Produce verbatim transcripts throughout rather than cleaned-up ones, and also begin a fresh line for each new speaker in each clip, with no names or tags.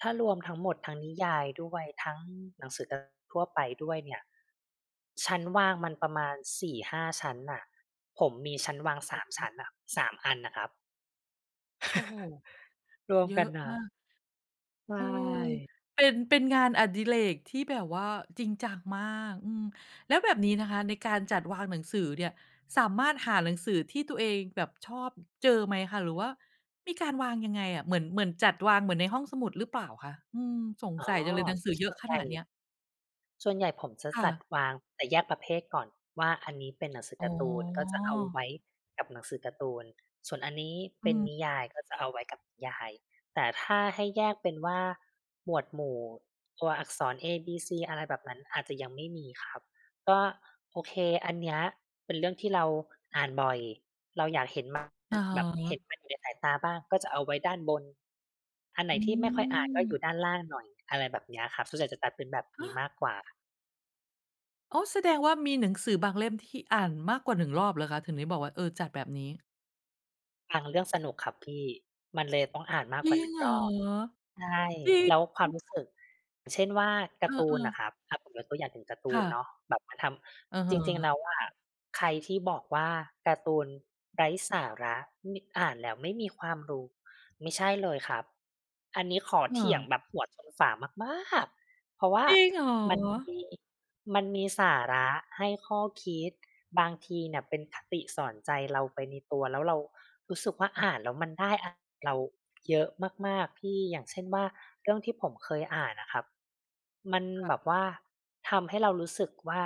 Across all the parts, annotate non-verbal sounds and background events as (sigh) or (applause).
ถ้ารวมทั้งหมด ทั้งนิยายด้วย ทั้งหนังสือการ์ ทั่วไปด้วยเนี่ย ชั้นวางมันประมาณ สี่ห้า ชั้นน่ะ ผมมีชั้นวา
โ
ง
อ้โ
สาม ช
ฮ
ั้นน่ะ สาม อันน่ะครับ
โอ้โฮ
(chuckles) รวม
เยอ
กั
ะ
นน่
มาก
ะ ใช
เออ
่
เป็น เป็นงานอดิเรกที่แบบว่าจริงจังมาก อืม แล้วแบบนี้นะคะในการจัดวางหนังสือเนี่ย สามารถหาหนังสือที่ตัวเองแบบชอบ อ เจอไหมคะ หรือว่ามีการวางยังไงอะ เหมือน เหมือนจัดวางเหมือนในห้องสมุดหรือเปล่าคะ? อืม สง
อ๋อ
สัยจังเลย หนังสือ
ส
เยอ
่
ะ
วน
ข
ใหญ
น
่
าดเนี้ย
ส่วนใหญ่ผมจะ
ค่
จัด
ะ
วาง แต่แยกประเภทก่อนว่าอันนี้เป็นหนังสือ
อ๋
การ์ตูน ก็จะเอาไ
อ
ว้กับหนังสือการ์ตูน ส่วนอันนี้เ
อ
ป
ื
็นนิย
ม
ายก็จะเอาไว้กับนิยาย แต่ถ้าให้แยกเป็นว่าหมวดหมู่ ตัวอักษร เอบีซี อะไรแบบนั้น อาจจะยังไม่มีครับ ก็ โอเค อันเนี้ยเป็นเรื่องที่เราอ่านบ่อย เราอยากเห็นมัน อ
อะฮ
แบบเห็
ะ
นมันอยู่ในสายตาบ้าง ก็จะเอาไว้ด้านบน อันไหน
อ
ที่ไม่ค่อยอ่านก็อยู
ืม
่ด้านล่างหน่อย อะไรแบบเนี้ยครับ ส่วนใหญ่จะจัดเป็นแบบ
ฮ
นี้
ะ?
มากกว่า
อ๋อ แสดงว่ามีหนังสือบางเล่มที่อ่านมากกว่า หนึ่ง รอบเหรอคะ? ถึงได้บอกว่า เออ จัดแบบนี้
บางเรื่องสนุกครับพี่ มันเลยต้องอ่านมา
จ
ก
ริ
หน
ง
ึ่ง
เหร
ร
อ?
อบ ใช่
จริ
แ
ง
ล้วความรู้สึก อย่างเช่นว่า ก
เ
าร์ตู
อ
น
อ
น่
ๆ
ะครับ อา ผมยกตัวอย่างถึงการ์ตู
ค่
นเ
ะ
นาะ แบบมันท
อือ
ำ
ฮ
จริง ๆ แ
ึ
ล้วอะใครที่บอกว่า "การ์ตูนไร้สาระ ไม่ อ่านแล้วไม่มีความรู้" ไม่ใช่เลยครับ อันนี้ขอ
ค
เ
่
ถียง
ะ
แบบหัวชนฝามาก ๆ เพราะว่า
จริงเหร
มัน
อ?
มี มันมีสาระให้ข้อคิด บางทีเนี่ยเป็นคติสอนใจเราไปในตัว แล้วเรารู้สึกว่า
ฮ อ
อ
า
่านแล้ว มันได้อะ เรา เยอะมาก ๆ พี่ อย่างเช่นว่าเรื่องที่ผมเคยอ่านน่ะครับ มัน
ค่
แบ
ะ
บว่าทำให้เรารู้สึกว่า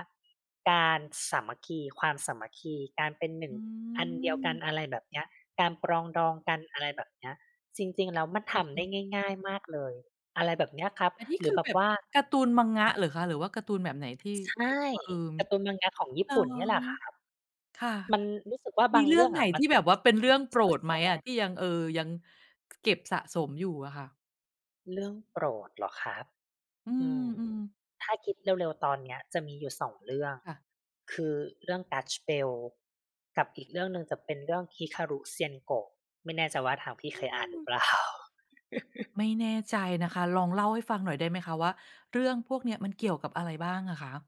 การสามัคคี ความสามัคคี การเป็นหนึ่
อ
ง
ื
อันเดียวกัน
ม
อะไรแบบเนี้ย การปรองดองกัน อะไรแบบเนี้ย จริง ๆ แล้ว มัน
อ
ท
ือฮ
ำได
ึ
้ง่าย ๆ มากเลย อะไรแบบเนี้ยครับ
อันนี้
หรื
ค
อ
ือ
แบ
แบ
บ
บ
ว่า
การ์ตูน manga
ครับ
เหรอคะ? หรือว่าการ์ตูนแบบไหน ที่
ใช
ที่
่
แบบว่า เอ่อ
การ์ตูน manga ของญี่
อ๋อ
ปุ่นเนี่ยแหละครับ
ค่ะ
มันรู้สึกว่า
ม
บ
ี
าง
เรื
เ
่
ร
อ
ื่
ง
อง
ไหน
อะม
ท
ั
ี
น
่
แ
แ
บ
บ
บ
บ
ไ
ว่าเป็น เรื่องโ
ม
ป
่
ร
ค่อย
ดไห
แ
ม
สด
อะ?
ง
ที่ยัง เอ่อ ยัง เก็บสะสมอยู่อะค่ะ
เรื่องโปรดเหรอครับ
อื
อืม
ม ๆ
ถ้าคิดเร็ว ๆ ตอนเนี้ย จะมีอยู่ สอง เรื่อง
ค่ะ
คือเรื่อง Gash Bell กับอีกเรื่องหนึ่งจะเป็นเรื่องฮิคารุเซียนโกะ ไม่แน่ใจว่าทางพี่
อื
เคยอ่านหรือ
ม
เปล่า? (chuckles)
ไม่แน่ใจนะคะ ลองเล่าให้ฟังหน่อยได้ไหมคะ ว่าเรื่องพวกเนี้ยมันเกี่ยว กับอะไรบ้างอะคะ?